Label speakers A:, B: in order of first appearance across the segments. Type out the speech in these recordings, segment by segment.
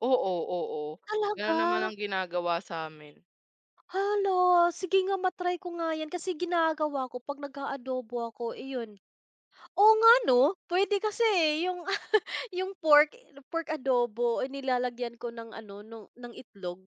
A: Oo, oo, gano'n naman
B: Talaga.
A: ang ginagawa sa amin.
B: Hala, sige nga, ma-try ko nga 'yan. Kasi ginagawa ko 'pag nag-aadobo ako, iyon, oo nga ano, puwede kasi, eh, yung pork pork adobo ay nilalagyan ko ng ano, ng itlog.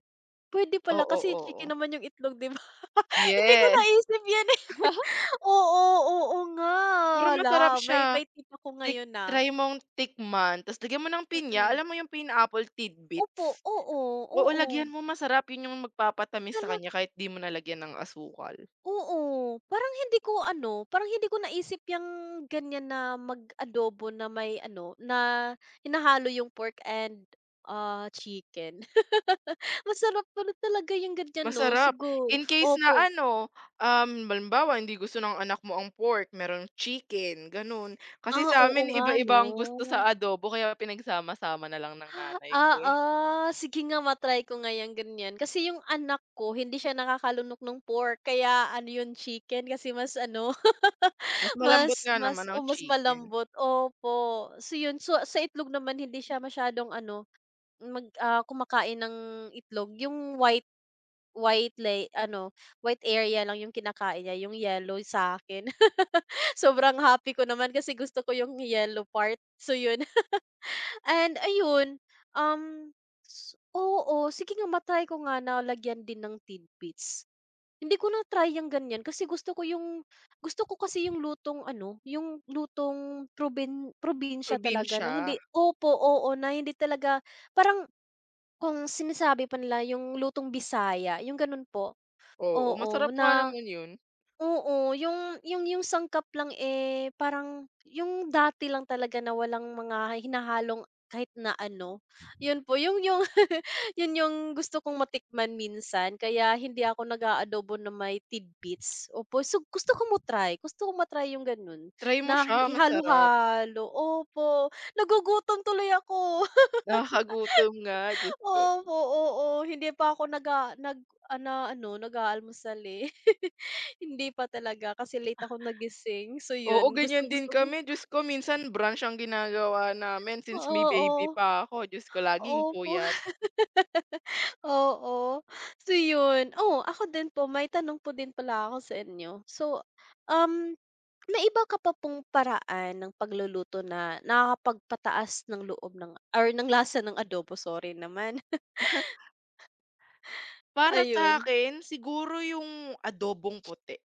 B: Puwede pala
A: Oo,
B: kasi
A: oo.
B: chicken naman 'yung itlog, 'di ba? Hindi ko
A: Yes.
B: naisip 'yan, eh. Oo, oo nga,
A: Pero masarap
B: hala, may
A: siya,
B: may tip ako
A: tik
B: ngayon na.
A: try mong tikman tas' lagyan mo ng pinya,
B: Mm.
A: alam mo yung pineapple
B: Opo,
A: tidbits?
B: oo,
A: Oo,
B: oo.
A: lagyan mo, masarap 'yon. Yung magpapatamis sa
B: Talaga
A: kanya kahit 'di mo na lagyan ng asukal.
B: Oo, parang hindi ko ano, parang hindi ko naisip 'yang gan'yan na mag-adobo na may ano, na hinahalo 'yung pork and, ah, chicken. Masarap pa rin talaga 'yung gan'yan 'no,
A: Masarap,
B: siguro,
A: in case na
B: opo.
A: ano, um, halimbawa hindi gusto ng anak mo ang pork, merong chicken, gano'n. Kasi
B: Ah,
A: sa
B: oo
A: amin,
B: nga
A: iba-iba ang gusto sa
B: 'no.
A: adobo kaya pinagsama-sama na lang ng nanay ko,
B: Ah,
A: eh.
B: oo, sige nga, ma-try ko nga 'yang gan'yan. Kasi yung anak ko, hindi siya nakakalunok nung pork kaya ano, yung chicken kasi mas ano,
A: Mas malambot
B: mas
A: nga naman
B: mas o
A: ang
B: mas
A: chicken.
B: malambot, opo. So 'yon, sa itlog naman, hindi siya masyadong ano, mag kumakain ng itlog. Yung white white lay ano, white area lang yung kinakain niya, yung yellow sa akin. Sobrang happy ko naman kasi gusto ko yung yellow part, so 'yon. And ayun, um, oo, sige nga, ma-try ko nga na lagyan din ng tidbits. Hindi ko na-try yang gan'yan kasi gusto ko yung gusto ko kasi yung lutong ano, yung lutong probin probinsya talaga na
A: Probinsiya.
B: hindi opo, oo na hindi talaga. Parang kung sinasabi pa nila, yung lutong Bisaya, yung gano'n po,
A: Oo,
B: oo
A: masarap nga
B: na
A: naman 'yun.
B: oo. Yung yung yung sangkap lang, eh, parang yung dati lang talaga na walang mga hinahalong kahit na ano, 'yon po yung yung 'yon yung gusto kong matikman minsan. Kaya hindi ako nag-aadobo na may tidbits, opo. So, gusto ko mo-try, gusto ko ma-try yung gano'n
A: Try mo
B: na
A: siya,
B: hi
A: masarap.
B: ihalo-halo, opo. Nagugutom tuloy ako.
A: Nakakagutom nga, Diyos ko.
B: Opo, oo, hindi pa ako nag-a na ano, nag-aalmusal, eh, hindi pa talaga kasi late ako nagising. So
A: Oo,
B: 'yun,
A: gan'yan din
B: gustong-gusto ko.
A: kami. Diyos ko, minsan brunch ang ginagawa namin since may baby
B: Oo,
A: pa ako. Diyos ko, laging
B: opo.
A: puyat.
B: Oo, so 'yun. Oh, ako din po, may tanong po din pala ako sa inyo. So, um, may iba ka pa pong paraan ng pagluluto na nakakapagpataas ng loob ng or ng lasa ng adobo? Sorry naman.
A: Para sa
B: Ayun.
A: akin, siguro yung adobong puti.